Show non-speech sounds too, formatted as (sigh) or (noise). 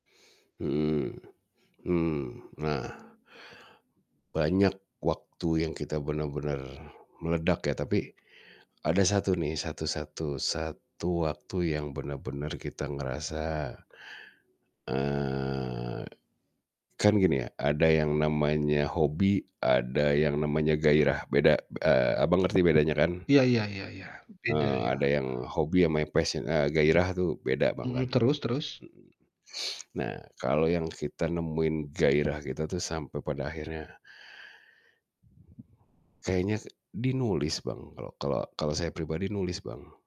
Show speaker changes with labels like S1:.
S1: Mhm, mmm, nah Banyak waktu yang kita benar-benar meledak ya, tapi ada 1 nih, satu satu satu waktu yang benar-benar kita ngerasa eee, kan gini ya, ada yang namanya hobi, ada yang namanya gairah, beda, b eee, Abang, ngerti bedanya kan?
S2: Iya iya iya iya. Beda
S1: Eee,
S2: ya?
S1: ada yang hobi ama yang yang passion eee, gairah tuh beda
S2: Mhm,
S1: banget.
S2: terus terus?
S1: Mhm, (sniffs) nah, kalau yang kita nemuin gairah kita tuh sampai pada akhirnya kayaknya ke di nulis, Bang, kalau kalau kalau saya pribadi nulis, Bang.